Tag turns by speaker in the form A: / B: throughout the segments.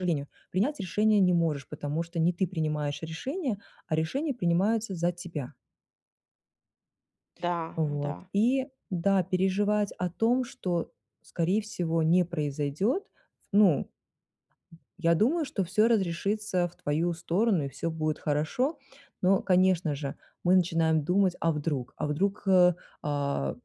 A: Жалению, принять решение не можешь, потому что не ты принимаешь решение, а решения принимаются за тебя.
B: Да,
A: Вот.
B: да.
A: И, да, переживать о том, что, скорее всего, не произойдёт. Ну Я думаю, что всё разрешится в твою сторону, и всё будет хорошо. Но, конечно же, мы начинаем думать: "А вдруг?" А вдруг, э, а,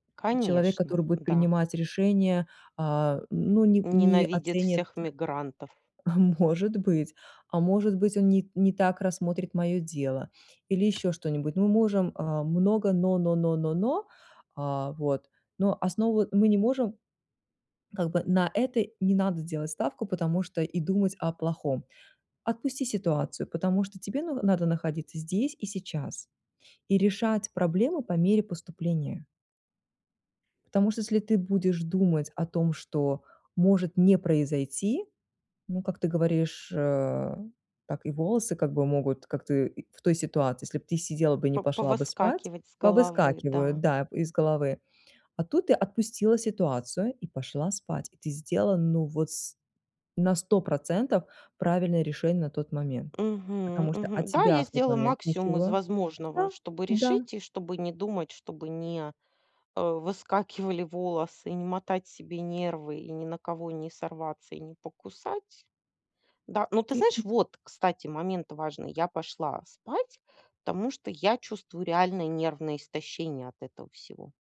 A: человек,
B: Конечно,
A: который будет
B: да.
A: принимать решения, а, ну, не не
B: Ненавидит
A: оценит.
B: всех мигрантов.
A: Может быть, а может быть, он не не так рассмотрит моё дело или ещё что-нибудь. Мы можем, а, много "но", "но", "но", "но", "но". А, вот. Но основу мы не можем Как бы на это не надо делать ставку, потому что и думать о плохом. Отпусти ситуацию, потому что тебе на надо находиться здесь и сейчас, и решать проблемы по мере поступления. Потому что если ты будешь думать о том, что может не произойти, ну, как ты говоришь, э, так и волосы, как бы, могут, как ты в той ситуации, если б ты сидела бы, не
B: По
A: пошла бы спать
B: повыскакивать с головы,
A: Повыскакивают,
B: да.
A: да, из головы. А тут ты отпустила ситуацию и пошла спать. И ты сделала, ну вот с на 100 % правильное решение на тот момент,
B: Мгм,
A: потому что от
B: мгм. Да, я
A: тебя в тот
B: сделала
A: момент
B: максимум из
A: ничего
B: возможного,
A: Да,
B: чтобы
A: да.
B: решить, и чтобы не думать, чтобы не, э, выскакивали волосы, не мотать себе нервы и ни на кого не сорваться и не покусать. Да. Но, ты
A: Ты
B: знаешь,
A: м
B: вот, кстати, момент важный- я пошла спать, потому что я чувствую реально нервное истощение от этого всего.